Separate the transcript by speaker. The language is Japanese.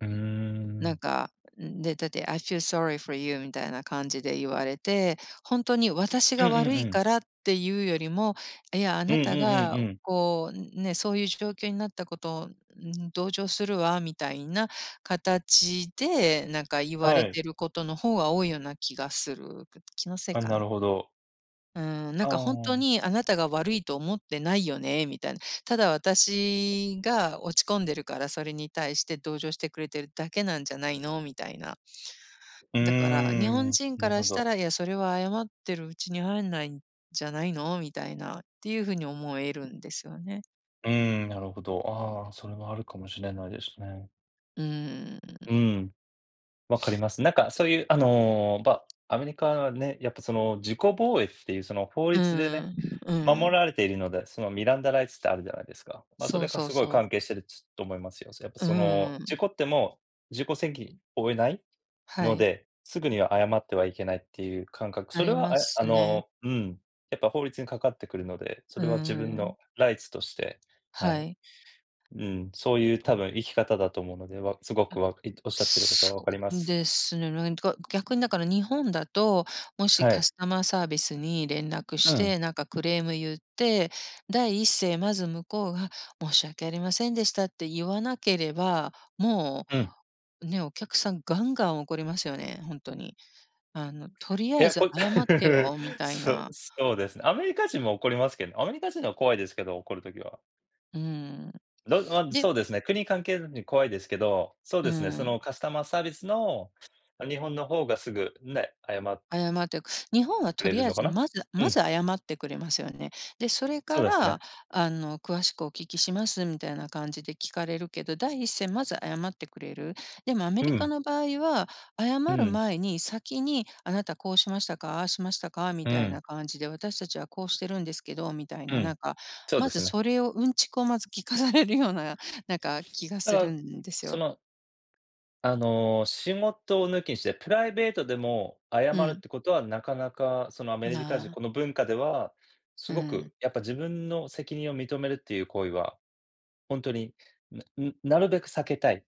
Speaker 1: うー
Speaker 2: なん
Speaker 1: ん。
Speaker 2: か、で、だって、「I feel sorry for you」みたいな感じで言われて、ほんとに私
Speaker 1: うん
Speaker 2: が
Speaker 1: うん
Speaker 2: 悪
Speaker 1: う
Speaker 2: いか
Speaker 1: ん。
Speaker 2: らっていうよりも、いや、あ
Speaker 1: うん
Speaker 2: な
Speaker 1: うん
Speaker 2: た
Speaker 1: う
Speaker 2: が
Speaker 1: んうん。
Speaker 2: こうね、そういう状況になったことを同情するわみたいな形で、なんか言わ
Speaker 1: は
Speaker 2: れ
Speaker 1: い。
Speaker 2: てることの方が多いような気がする。ぐっと、気のせい
Speaker 1: あ、
Speaker 2: か
Speaker 1: なる
Speaker 2: な？
Speaker 1: ほど。
Speaker 2: うーん、なん
Speaker 1: あ
Speaker 2: かほんと
Speaker 1: あ。
Speaker 2: にあなたが悪いと思ってないよねみたいな、ただ私が落ち込んでるから、それに対して同情してくれてるだけなんじゃないのみたいな。
Speaker 1: う
Speaker 2: だから日
Speaker 1: ー
Speaker 2: 本
Speaker 1: ん、
Speaker 2: 人か
Speaker 1: なる
Speaker 2: ら
Speaker 1: ほ
Speaker 2: した
Speaker 1: ど。
Speaker 2: ら、いや、それは謝ってるうちに入んないんじゃないのみたいなっていうふうに思えるんですよね。
Speaker 1: うーん、なるほど。ああ、それはあるかもしれないですね。
Speaker 2: うーん。
Speaker 1: うん。分かり ます。なんかそういうあの、ばアメリカはね、やっぱその、自己防衛っていうその、法
Speaker 2: う
Speaker 1: 律でね、
Speaker 2: んうん、う
Speaker 1: 守
Speaker 2: ん。
Speaker 1: られているので、その、ミランダライツってあるじゃないですか。まあ、そ
Speaker 2: そ
Speaker 1: れ
Speaker 2: う
Speaker 1: が
Speaker 2: そう
Speaker 1: すごい
Speaker 2: そう。
Speaker 1: 関係してる、つ思いますよ。やっぱ
Speaker 2: う
Speaker 1: その、
Speaker 2: ー
Speaker 1: 事
Speaker 2: ん。
Speaker 1: 故っても、自己責負えない
Speaker 2: は
Speaker 1: の
Speaker 2: い。
Speaker 1: で、すぐには謝ってはいけないっていう感覚、
Speaker 2: あ
Speaker 1: それ
Speaker 2: り
Speaker 1: は、
Speaker 2: ま
Speaker 1: え、あ
Speaker 2: すね。
Speaker 1: の、うん。やっぱ法律にかかってくるので、そ
Speaker 2: うー
Speaker 1: れは自分
Speaker 2: ん。
Speaker 1: のライツとして、は
Speaker 2: は
Speaker 1: い。
Speaker 2: い。
Speaker 1: うん、そういう多分生き方だと思うので、わすご
Speaker 2: う
Speaker 1: く
Speaker 2: ん。
Speaker 1: わいおっしゃってること
Speaker 2: そ
Speaker 1: は分かりま
Speaker 2: う
Speaker 1: す。
Speaker 2: ですね、なんか逆にだから日本だと、もし
Speaker 1: は
Speaker 2: カ
Speaker 1: い。
Speaker 2: スタマーサービスに連絡
Speaker 1: う
Speaker 2: し
Speaker 1: ん。
Speaker 2: て、なんかクレームゆって、第一声まず向こうが申し訳ありませんでしたってゆわなければ、も
Speaker 1: うん。
Speaker 2: う、ね、お客さんガンガン怒りますよね、ほんとに。あのとりあ
Speaker 1: い
Speaker 2: え
Speaker 1: や、
Speaker 2: ず
Speaker 1: こ
Speaker 2: 謝って よみたい
Speaker 1: そ
Speaker 2: な。
Speaker 1: そうですね、アメリカ人も怒りますけど、アメリカ人のは怖いですけど、怒る時は。
Speaker 2: うん、
Speaker 1: の、あ、そ
Speaker 2: で。
Speaker 1: うですね、国関係なしに怖いですけど、そう
Speaker 2: う
Speaker 1: ですね、そ
Speaker 2: ん。
Speaker 1: の、カスタマーサービスの日本の方がすぐ、ね、あやま
Speaker 2: 謝って、日本は
Speaker 1: く
Speaker 2: と
Speaker 1: れ
Speaker 2: り
Speaker 1: る
Speaker 2: あえ
Speaker 1: のか
Speaker 2: ず、
Speaker 1: な？
Speaker 2: まず、
Speaker 1: う
Speaker 2: ま
Speaker 1: ん。
Speaker 2: ず謝ってくれますよね。で、それ
Speaker 1: そ
Speaker 2: か
Speaker 1: うです
Speaker 2: ら
Speaker 1: ね。
Speaker 2: あの詳しくお聞きしますみたいな感じで聞かれるけど、第一声まず謝ってくれる。でもアメ
Speaker 1: う
Speaker 2: リカ
Speaker 1: ん。
Speaker 2: の場合は謝
Speaker 1: う
Speaker 2: る
Speaker 1: ん。
Speaker 2: 前に先にあなたこうしましたか、ああしましたかみ
Speaker 1: う
Speaker 2: たい
Speaker 1: ん。
Speaker 2: な感じで、私たちはこうしてるんですけどみたい
Speaker 1: う
Speaker 2: な、な
Speaker 1: ん、
Speaker 2: んか
Speaker 1: そう
Speaker 2: ま
Speaker 1: で
Speaker 2: ず
Speaker 1: すね。
Speaker 2: それをうんちくをまず聞かされるような、なんか気が
Speaker 1: だ
Speaker 2: す
Speaker 1: か
Speaker 2: る
Speaker 1: ら、
Speaker 2: んです
Speaker 1: そ
Speaker 2: よ。
Speaker 1: の。あの、仕事を抜きにして、プライベートでも謝
Speaker 2: う
Speaker 1: るっ
Speaker 2: ん。
Speaker 1: てことはなかなかそのアメリカ人、
Speaker 2: な
Speaker 1: この文化ではす
Speaker 2: う
Speaker 1: ごく
Speaker 2: ん。
Speaker 1: やっぱ自分の責任を認めるっていう行為は、ほんとに、なうん、なるべく避けたい。